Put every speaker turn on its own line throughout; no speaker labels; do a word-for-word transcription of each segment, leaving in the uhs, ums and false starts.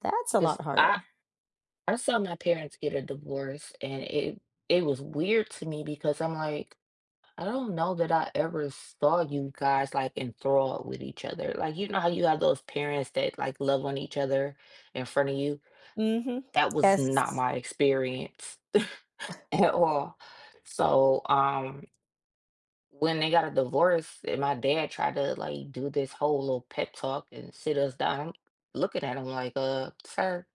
That's a lot
'Cause
harder.
I I saw my parents get a divorce and it it was weird to me because I'm, like, "I don't know that I ever saw you guys, like, enthralled with each other." Like, you know how you have those parents that, like, love on each other in front of you.
Mhm.
That was not
Yes.
my experience, at all. So, um When they got a divorce and my dad tried to, like, do this whole little pep talk and sit us down, I'm looking at him, like, "Uh, sir,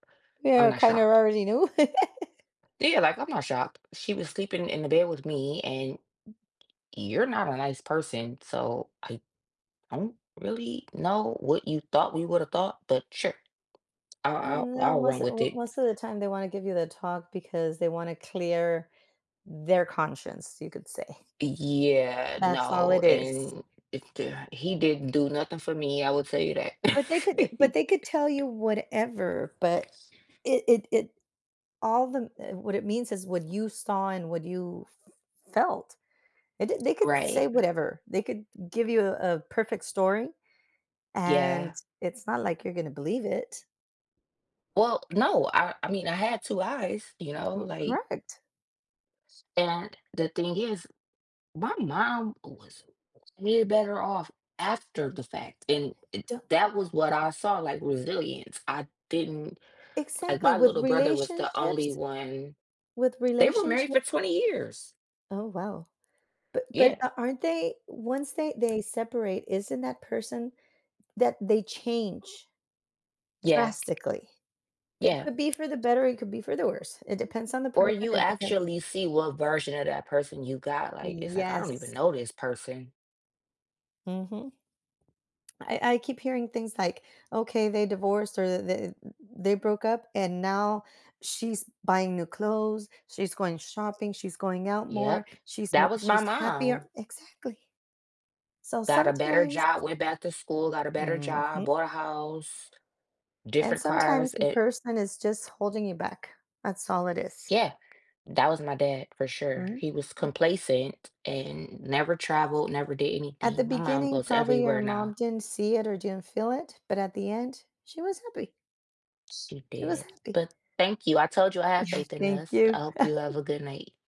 I'm
Yeah,
not
"Kinda
shocked."
already knew."
Yeah, like, "I'm not shocked. She was sleeping in the bed with me and you're not a nice person, so I don't really know what you thought we would've thought, but sure, I'll I'll
No,
I'll run
most
with
of
it."
most of the time they wanna give you the talk because they wanna clear their conscience, you could say.
Y yeah,
That's all
no,
it is.
and it, d he didn't do nothing for me, I will tell you that.
But, they could, eh but they could tell you whatever, but it it it all the m eh, what it means is what you saw and what you felt, and the they could
Right.
say whatever they could g give you a a perfect story. And
Yeah.
it's not, like, you're gonna believe it.
Well, no, I I mean, I had two eyes, you know,
Uh, w
like
correct.
And the thing is, my mom was way better off after the fact, and, eh,
Don
that was what I saw, like, resilience. I didn't, like,
Exactly
my
with
little brother was the only
relationships.
one
With
they were married
relationship
for twenty years.
Oh, wow. But, but
Yeah.
a aren't they, once they they separate, isn't that person that they change
Yeah.
drastically? It
Yeah.
could be for the better, it could be for the worse. It depends on the
Or,
person,
you
it depends
actually see what version of that person you got, like, it's, like "I don't even
Yes.
know this person."
Mhm. I I keep hearing things like, okay, they divorced, or th th they they broke up, and now she's buying new clothes, she's going shopping, she's going out more,
Yep,
she's
that
more,
was my
she's happier,
mom.
exactly. So,
Got a better
sometimes
job, went back to school, got a better job,
Mhm.
bought a house,
And
different
sometimes
cars
the
and
person is just holding you back. That's all it is.
Yeah, that was my dad for sure.
Mm.
He was complacent and never traveled, never did
At the
anything. My mom
beginning,
goes
probably your
everywhere
mom
now.
didn't see it or didn't feel it, but, at the end, she was happy.
She
She was
did,
happy.
but thank you. I told you I have
Yeah,
faith in
thank
this. I
you.
hope you have a good night.